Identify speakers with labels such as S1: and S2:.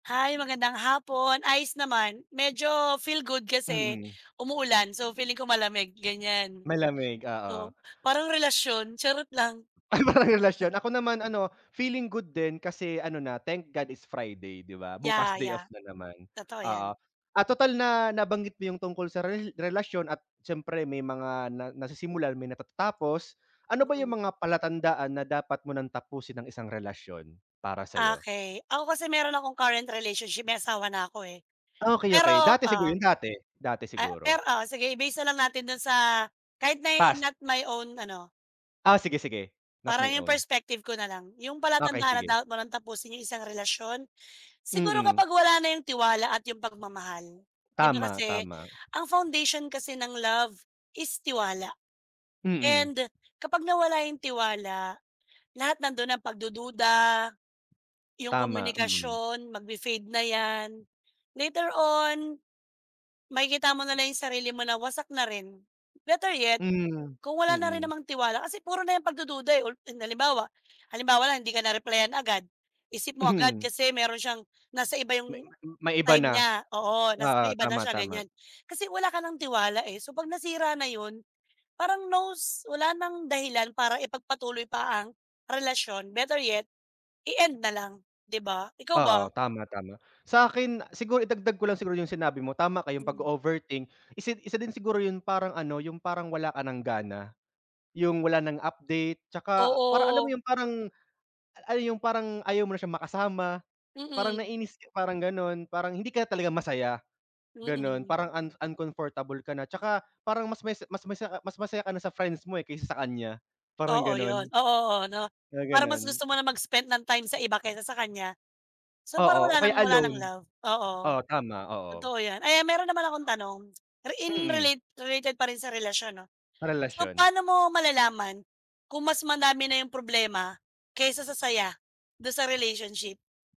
S1: Hi, magandang hapon ayos naman. Medyo feel good kasi
S2: Mm.
S1: umuulan, so feeling ko malamig, ganyan.
S2: Malamig, oo.
S1: So parang relasyon charot lang.
S2: Ay parang relasyon ako naman ano feeling good din kasi ano na thank God it's Friday di ba bukas
S1: yah,
S2: day off
S1: yah.
S2: na naman
S1: Totoo
S2: oo,
S1: 'yan
S2: at total na nabanggit mo yung tungkol sa rel relasyon at siyempre may mga na nasisimulan may natatatapos. Ano ba yung
S1: Mm.
S2: mga palatandaan na dapat mo ng tapusin ang isang relasyon para sayo?
S1: Okey. Ako kasi meron akong current relationship may asawa na ako, eh,
S2: Okey, okey.
S1: pero
S2: Dati siguro.
S1: ah,
S2: Yun dati, dati
S1: ah,
S2: siguro.
S1: pero oo sige i-base na lang natin dun sa kahit na
S2: Past.
S1: not my own ano
S2: Ah, sige sige not my
S1: Parang yung
S2: own.
S1: perspective ko nalang. Yung
S2: Okey
S1: palatandaan na
S2: sige.
S1: dapat mo ng tapusin yung isang relasyon? Siguro
S2: Mm.
S1: kapag wala na yung tiwala at yung pagmamahal. Di ba
S2: Tama,
S1: kasi
S2: tama.
S1: ang foundation kasi ng love is tiwala,
S2: Mm.
S1: and kapag nawala yung tiwala lahat nandun, ang pagdududa yung
S2: Tama, mm.
S1: komunikasyon magpi-fade na yan. Later on, makikita mo na lang 'yong sarili mo na wasak na rin. Better yet
S2: Mm,
S1: kung wala na rin
S2: mm.
S1: namang tiwala kasi puro na yang pagdududa, eh, ulti halimbawa halimbawa lang hindi ka na-replyan agad isip mo agad
S2: Mm.
S1: kasi meron siyang nasa iba
S2: Ma
S1: 'yong
S2: may iba
S1: time
S2: na.
S1: niya oo nas
S2: Oo.
S1: may iba na
S2: Tama,
S1: siya
S2: tama.
S1: ganyan kasi wala ka ng tiwala, eh, so pag nasira na 'yon parang nos wala nang dahilan para ipagpatuloy pa ang relasyon better yet i-end na lang 'di ba? Ikaw
S2: Oo
S1: ba?
S2: tama, tama. Sakin siguro idagdag ko lang siguro yung sinabi mo tama ka yung
S1: Mm.
S2: pag-o-overthink isa isa din siguro yung parang ano yung parang wala ka ng gana, yung wala ng update tsaka parang alam mo
S1: Oo.
S2: yung parang yung parang ayaw mo na siyang makasama, parang
S1: Mm.
S2: nainis parang ganon, parang hindi ka talaga masaya ganon
S1: Mm.
S2: parang an uncomfortable ka na tsaka parang mas masi mas masa ah, mas masaya ka na sa friends mo, eh, kaysa sa kanya parang
S1: Oo 'yon,
S2: ganon.
S1: oo, oo no
S2: Mga
S1: parang mas
S2: ganun.
S1: gusto mo na mag-spend ng time sa iba kaysa sa kanya. So
S2: Oo,
S1: parang wala
S2: okaya
S1: ng wala ng
S2: alone.
S1: love oo
S2: Oo tama, oo.
S1: totoo 'yan ayan meron naman akong tanong ri in
S2: Mm.
S1: relate related pa rin sa relasyon 'no. So
S2: Karelasyon.
S1: paano mo malalaman kung mas madami na 'yong problema kaysa sa saya do'n sa relationship?